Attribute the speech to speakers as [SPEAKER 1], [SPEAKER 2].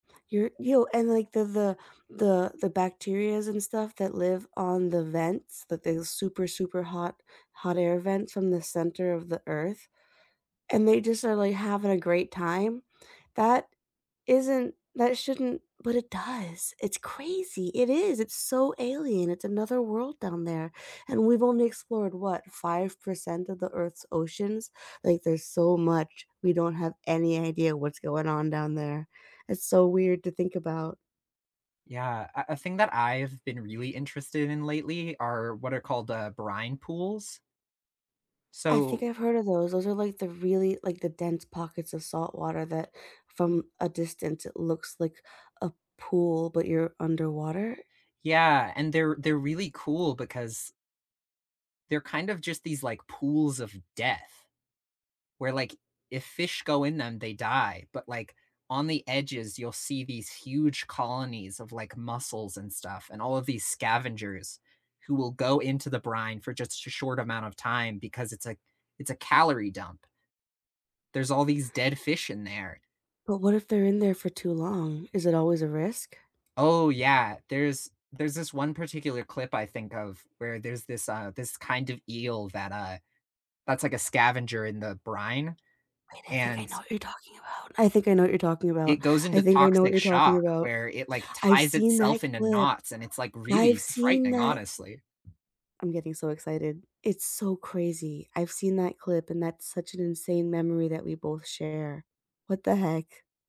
[SPEAKER 1] You're you and like the the the the bacterias and stuff that live on the vents that those super, super hot hot air vents from the center of the Earth, and they just are like having a great time. That isn't that shouldn't but it does, it's crazy, it is, it's so alien, it's another world down there, and we've only explored, what, 5% of the Earth's oceans? Like, there's so much, we don't have any idea what's going on down there. It's so weird to think about.
[SPEAKER 2] Yeah, a a thing that I've been really interested in lately are what are called, uh, brine pools.
[SPEAKER 1] I think
[SPEAKER 2] So
[SPEAKER 1] I've heard of those, those are like the really like the dense pockets of saltwater that, from a distance, it looks like a pool, but you're underwater?
[SPEAKER 2] Yeah, and they're they're really cool because they're kind of just these, like, pools of death, where, like, if fish go in them, they die, but, like, on the edges, you'll see these huge colonies of, like, mussels and stuff, and all of these scavengers who will go into the brine for just sh short amount of time because it's a it's a calorie dump. There's all these dead fish in there.
[SPEAKER 1] But what if they're in there for too long? Is it always a risk?
[SPEAKER 2] Oh, yeah. There's there's this one particular clip I think of where there's this, uh this kind of eel that, uh that's like a scavenger in the brine.
[SPEAKER 1] Wait, I think I
[SPEAKER 2] And
[SPEAKER 1] know what you're talking about. I think I know what you're talking about.
[SPEAKER 2] it goes
[SPEAKER 1] I
[SPEAKER 2] into
[SPEAKER 1] think I know what
[SPEAKER 2] toxic
[SPEAKER 1] you're talking
[SPEAKER 2] shock
[SPEAKER 1] about.
[SPEAKER 2] where it, like,
[SPEAKER 1] I've
[SPEAKER 2] ties
[SPEAKER 1] seen that
[SPEAKER 2] itself into
[SPEAKER 1] clip.
[SPEAKER 2] knots, and it's, like,
[SPEAKER 1] I've
[SPEAKER 2] really
[SPEAKER 1] seen
[SPEAKER 2] frightening,
[SPEAKER 1] that.
[SPEAKER 2] honestly.
[SPEAKER 1] I'm getting so excited. It's so crazy. I've seen that clip and that's such an insane memory that we both share. What the heck?